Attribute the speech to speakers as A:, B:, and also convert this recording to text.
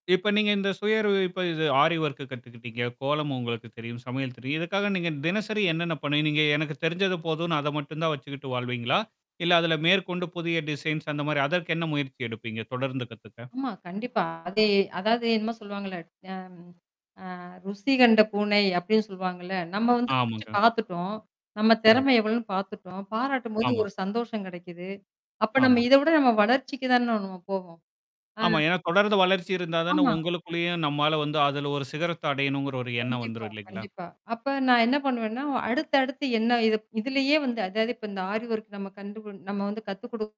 A: இப்ப நீங்க இந்த சுயவறிவிப்பு இது ஆரி ஒர்க்கு கத்துக்கிட்டீங்க, கோலம் உங்களுக்கு தெரியும், சமையல் தெரியும், இதுக்காக நீங்க தினசரி என்னென்ன பண்ணுணீங்க? எனக்கு தெரிஞ்சது போதும்ன்னு அத மட்டும் தான் வச்சுக்கிட்டு வாழ்வீங்களா? இல்ல அதில மேற்கொண்டு புதிய டிசைன்ஸ் அந்த மாரி அதற்கு என்ன முயற்சி எடுப்பீங்க தொடர்ந்து கத்துக்க?
B: ஆமா கண்டிப்பா. அதே அதாவது என்னமோ சொல்லுவாங்கல்ல அ அ ருசி கண்ட பூனை அப்படின்னு சொல்வாங்கல்ல, நம்ம வந்து சிரிச்சு
A: ஆமாங்க.
B: பார்த்தட்டோம். நம்ம
A: ம்.
B: திறமை எவ்வளோன்னு பார்த்துட்டோம். பாராட்டும்போது
A: ஆமா.
B: ஒரு சந்தோஷம் கெடைக்குது. அப்ப நம்ம
A: ஆமா.
B: இத விட நம்ம வளர்ச்சிக்கு தான நாம போவோம். ஆ.
A: ஆமா. ஏன்னா, தொடர்ந்து வளர்ச்சி இருந்தா தானே
B: ஆமா.
A: உங்களுக்குள்ளயும் நம்மால வந்து அதுல ஒரு சிகரத்த அடையணுங்கிற ஒரு எண்ணம்
B: கண்டிப்பா,
A: வந்துரும் இல்லைங்களா?
B: கண்டிப்பா. அப்ப நான் என்ன பண்ணுவேன்னா அடுத்து அடுத்து என்ன இதப் இதுலயே வந்து, அதாவது இப்ப இந்த ஆரி ஒர்க் நம்ம கண்டு நம்ம வந்து கத்து குடு